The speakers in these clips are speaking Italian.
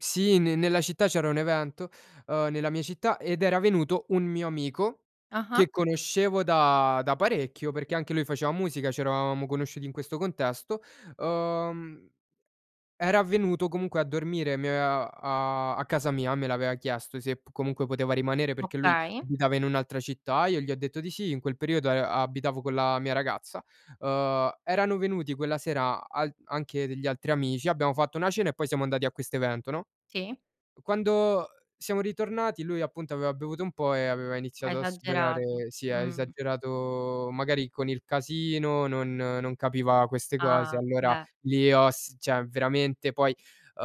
Sì, ne nella città c'era un evento, uhm, nella mia città ed era venuto un mio amico Ah-ah. che conoscevo da da parecchio, perché anche lui faceva musica, c'eravamo conosciuti in questo contesto, uhm, era avvenuto comunque a dormire mi aveva a a casa mia, me l'aveva chiesto se comunque poteva rimanere, perché lui Okay. abitava in un'altra città, io gli ho detto di sì, in quel periodo a abitavo con la mia ragazza. Uhm, erano venuti quella sera al anche degli altri amici, abbiamo fatto una cena e poi siamo andati a questo evento, no? Sì. Quando siamo ritornati lui, appunto, aveva bevuto un po' e aveva Ha iniziato a sperare esagerato, si è mh. esagerato magari con il casino, non non capiva queste cose, Ah, allora beh. lì ho s cioè veramente poi uhm,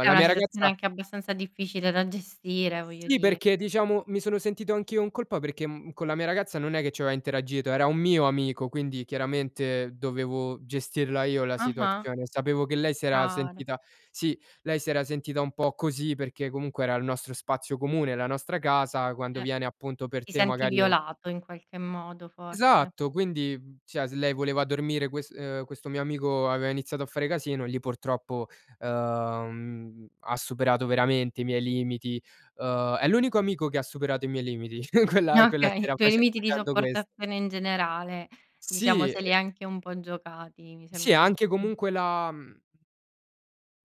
È una mia situazione ragazza anche abbastanza difficile da gestire, voglio Sì di perché, diciamo, mi sono sentito anch'io in colpa, perché con la mia ragazza non è che ci aveva interagito, era un mio amico quindi chiaramente, dovevo gestirla io la Ah-ah. situazione. Sapevo che È lei si era chiaro. sentita sì, lei si era sentita un po' così, perché comunque era il nostro spazio comune, la nostra casa quando Eh, viene, appunto, per ti te senti magari è u violato, in qualche modo, forse. Esatto, quindi, cioè, se lei voleva dormire quest uhm, questo mio amico aveva iniziato a fare casino e lì, purtroppo, uhm, ha superato veramente i miei limiti, uhm è l'unico amico che ha superato i miei limiti, quella quella Okay, i sera tuoi face limiti di facendo ques sopportazione, in generale, diciamo, Sì se li è e anche un po' giocati, mi Sì, sembra di anche capi comunque la, mhmm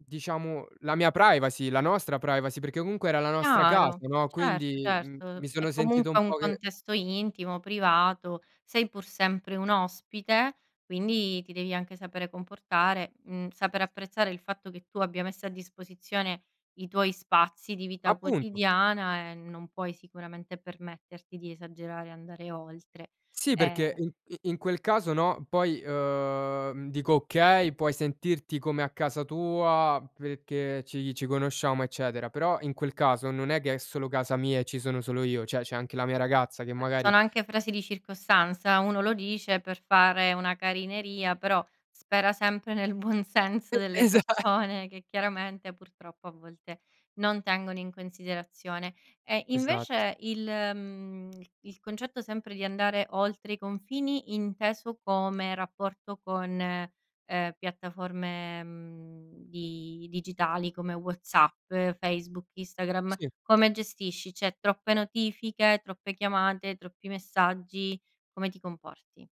Diciamo, la mia privacy, la nostra privacy, perché comunque era la nostra casa, Chiaro, no, certo, quindi, mhmm, certo, mi è sono sentito un comunque un po' che contesto intimo, privato, sei pur sempre un ospite, quindi ti devi anche sapere comportare, mhmm, saper apprezzare il fatto che tu abbia messo a disposizione i tuoi spazi di vita Appunto. quotidiana e non puoi sicuramente permetterti di esagerare e andare oltre. Sì, perché Ehm i in quel caso, no, poi, uhm, dico, okay, puoi sentirti come a casa tua perché, ci ci conosciamo, eccetera, però in quel caso, non è che è solo casa mia e ci sono solo io, cioè c'è anche la mia ragazza che Beh, magari sono anche frasi di circostanza, uno lo dice per fare una carineria, però spera sempre nel buon senso E delle esa persone che, chiaramente, purtroppo a volte non tengono in considerazione. E Esatto. invece il mhmm, il concetto sempre di andare oltre i confini, inteso come rapporto con, ehm, piattaforme, mhmm, di digitali come WhatsApp, Facebook, Instagram, Sì. come gestisci? Cioè troppe notifiche, troppe chiamate, troppi messaggi? Come ti comporti?